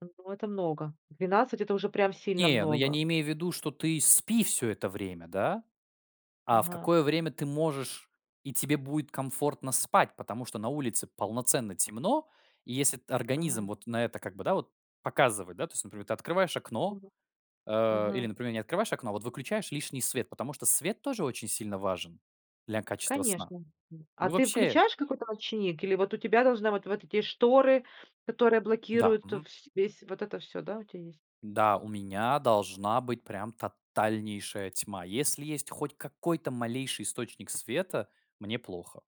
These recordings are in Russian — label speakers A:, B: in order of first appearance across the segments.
A: Я думаю это много. 12- это уже прям сильно
B: Не, ну я не
A: много.
B: имею в виду, что ты спи всё это время, да. А в
A: Ага.
B: какое время ты можешь и тебе будет комфортно спать? Потому что на улице полноценно темно, и если т организм
A: Ага.
B: вот на это как бы, да, вот показывает, да то есть вот например, ты открываешь окно,
A: [unintelligible]
B: э, или,
A: Ага.
B: например, не открываешь окно, а выключаешь лишний свет, потому что свет тоже очень сильно важен для качества сна,
A: Конечно, м. А
B: мы
A: ты
B: вообще
A: включаешь какой-то ночник, или вот у тебя должны вот вот эти шторы, которые
B: Да,
A: блокируют
B: мгм.
A: вс весь вот это всё, да, у тя есть?
B: Да, у меня должна быть прям тотальнейшая тьма. Если есть хоть какой-то малейший источник света- мне плохо.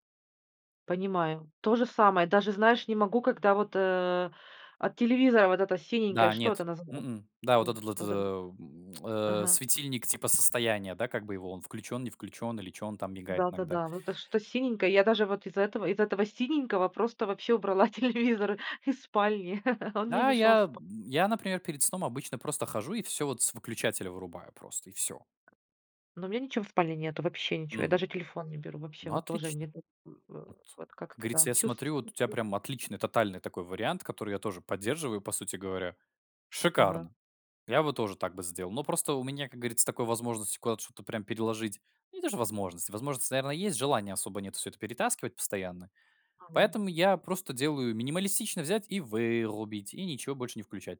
A: Понимаю. То же самое, даже знаешь, не могу, когда вот, э, от телевизора вот эта синенькая,
B: Да,
A: что это
B: нет,
A: назва
B: м-м, да вот
A: в
B: этот вот, э,
A: вот это.
B: м, э,
A: Ага.
B: светильник типа состояния, да, как бы его он включен, не включен, или чё он там мигает иногда.
A: Да-да-да, вот это что-то синенькое. Я даже вот из-за этого из этого синенького просто вообще убрала телевизор из спальни, он мне
B: Да,
A: мешал
B: я,
A: спа
B: м, я, например, перед сном обычно просто хожу и всё вот с выключателя вырубаю просто- и всё.
A: Но у меня ничего в спальне нету, вообще ничего. Я
B: Мгм.
A: даже телефон не беру, вообще
B: Ну
A: вот тоже
B: отлично.
A: мне так, э, э,
B: Вот.
A: вот
B: Как
A: как-то,
B: говорится,
A: да,
B: я
A: чувств
B: смотрю, вот у тебя
A: [unintelligible]
B: прям отличный тотальный такой вариант, который я тоже поддерживаю, по сути говоря.
A: Ага.
B: Шикарно! Я бы тоже так бы сделал. Но просто у меня, как говорится, такой возможности куда-то что-то прям переложить ну не то что возможности, возможность, наверно, есть, желания особо нет всё это перетаскивать постоянно.
A: Ага.
B: Поэтому я просто делаю- минималистично взять и вырубить, и ничего больше не включать.